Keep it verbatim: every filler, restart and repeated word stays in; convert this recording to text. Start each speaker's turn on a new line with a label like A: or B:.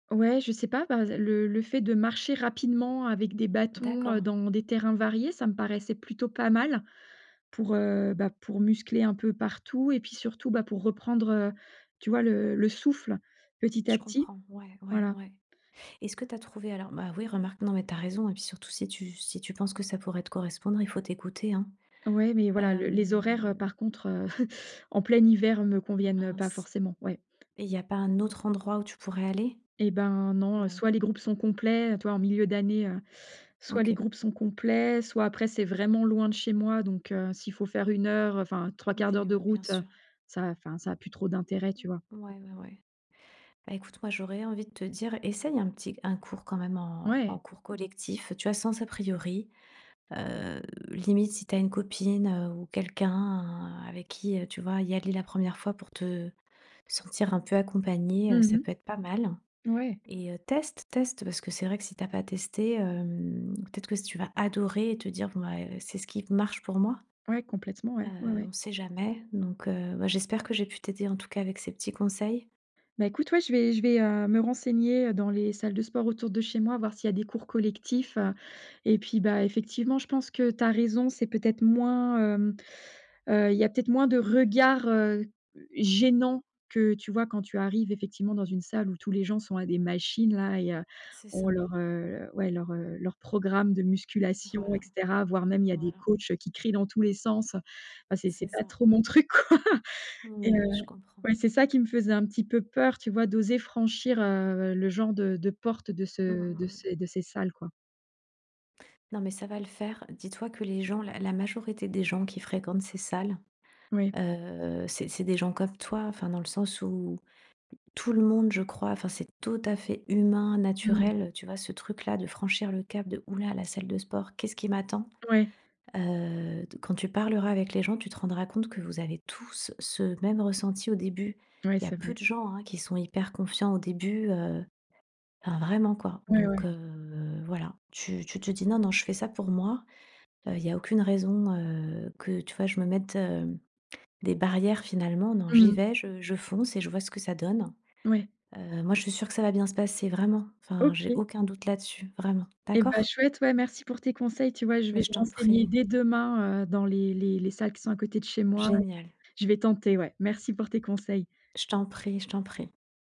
A: Ouais, je sais pas, bah, le le fait de marcher rapidement avec des bâtons, heu,
B: D'accord.
A: dans des terrains variés, ça me paraissait plutôt pas mal, pour, heu, bah, pour muscler un peu partout et puis surtout, bah, pour reprendre, heu, tu vois, le le souffle petit
B: Je
A: à petit,
B: comprends. Ouais, ouais,
A: voilà.
B: ouais. Est-ce que tu as trouvé alors? Bah oui, remarque, non, mais tu as raison, et puis surtout, si tu si tu penses que ça pourrait te correspondre, il faut t'écouter, hein,
A: Ouais, mais voilà, le les horaires, heu,
B: hem.
A: par contre, heu, en plein hiver, me conviennent, heu, pas
B: Mince,
A: forcément, ouais.
B: et il y a pas un autre endroit où tu pourrais aller?
A: Et ben, non, heu,
B: Mmh.
A: soit les groupes sont complets, tu vois, en milieu d'année, heu, soit les
B: OK.
A: groupes sont complets, soit après, c'est vraiment loin de chez moi, donc heu, s'il faut faire une heure, enfin trois-quarts d'heure
B: Oui,
A: de
B: mmh, bien
A: route, heu,
B: sûr.
A: ça a, enfin, ça a plus trop d'intérêt, tu vois?
B: Ouais, ouais, ouais. Bah, écoute, moi, j'aurais envie de te dire, essaye un petit c un cours quand même en en
A: Ouais.
B: cours collectif. Tu vois, sans a priori, heu, limite si tu as une copine, heu, ou quelqu'un avec qui, heu, tu vois, y aller la première fois pour te sentir un peu accompagnée, heu,
A: Mmh
B: ça peut
A: mh.
B: être pas mal,
A: Ouais.
B: et heu, teste, teste. Parce que c'est vrai que si tu as pas testé, hem, peut être que s tu vas adorer et te dire, bon, bah, eh, c'est ce qui marche pour moi.
A: Ouais, complètement,
B: Heu,
A: ouais, ouais, ouais.
B: on sait jamais, donc heu, bah, j'espère que j'ai pu t'aider, en tout cas, avec ces petits conseils.
A: Bah, écoute, ouais, je vais je vais, heu, me renseigner dans les salles de sport autour de chez moi, voir s'il y a des cours collectifs, heu, et puis, bah, effectivement, je pense que tu as raison, c'est peut-être moins, hem, heu, il y a peut-être moins de regards, heu, gênants que tu vois quand tu arrives effectivement dans une salle où tous les gens sont à des machines là et heu,
B: C'est
A: ont
B: ça.
A: leur, heu, ouais, leur, heu, leur programme de musculation et
B: Voilà,
A: cetera. Voire même, il y a des
B: voilà.
A: coachs, heu, qui crient dans tous les sens. Ah c'est
B: C'est
A: c'est pas
B: ça.
A: trop
B: M
A: mon truc, quoi. Et heu,
B: Oui, je comprends.
A: ouais, c'est ça qui me faisait un petit peu peur, tu vois, d'oser franchir, heu, le genre, de de porte, heu, de
B: Mmh,
A: ce
B: mmh,
A: de
B: mmh.
A: ces de ces salles, quoi.
B: Non, mais ça va le faire. Dis toi que les gens la la majorité des gens qui fréquentent ces salles,
A: Ouais.
B: heu, c'est c'est des gens comme toi, enfin dans le sens où, tout le monde, je crois, enfin, c'est tout à fait humain,
A: Mmh.
B: naturel, tu vois, ce truc là de franchir le cap de «Ouh là, la salle de sport. Qu'est ce qui m'attend?»
A: Ouais.
B: Heu, d quand tu parleras avec les gens, tu te rendras compte que vous avez tous ce même ressenti au début.
A: Ouais,
B: Il y a
A: c'est
B: peu de
A: vrai.
B: gens, hein, qui sont hyper confiants au début, heu, enfin vraiment quoi,
A: Ouais,
B: donc
A: ouais.
B: heu, voilà! Tu tu te dis: «Non, non, je fais ça pour moi. Heu, il y a aucune raison, heu, que, tu vois, je me mette, hem, des barrières finalement. Non, j'y
A: Mmh.
B: vais, je je fonce et je vois ce que ça donne».
A: Ouais.
B: Heu, moi je suis sûre que ça va bien se passer vraiment. Enfin, j'ai
A: OK.
B: aucun doute là dessus, vraiment.
A: Et bah,
B: D'accord?
A: chouette, ouais, merci pour tes conseils! Tu vois, je vais
B: Mais je
A: me
B: t'en
A: renseigner
B: prie.
A: dès demain, heu, dans les les les salles qui sont à côté de chez moi et
B: Génial.
A: je vais tenter, ouais. Merci pour tes conseils!
B: Je t'en prie, je t'en prie.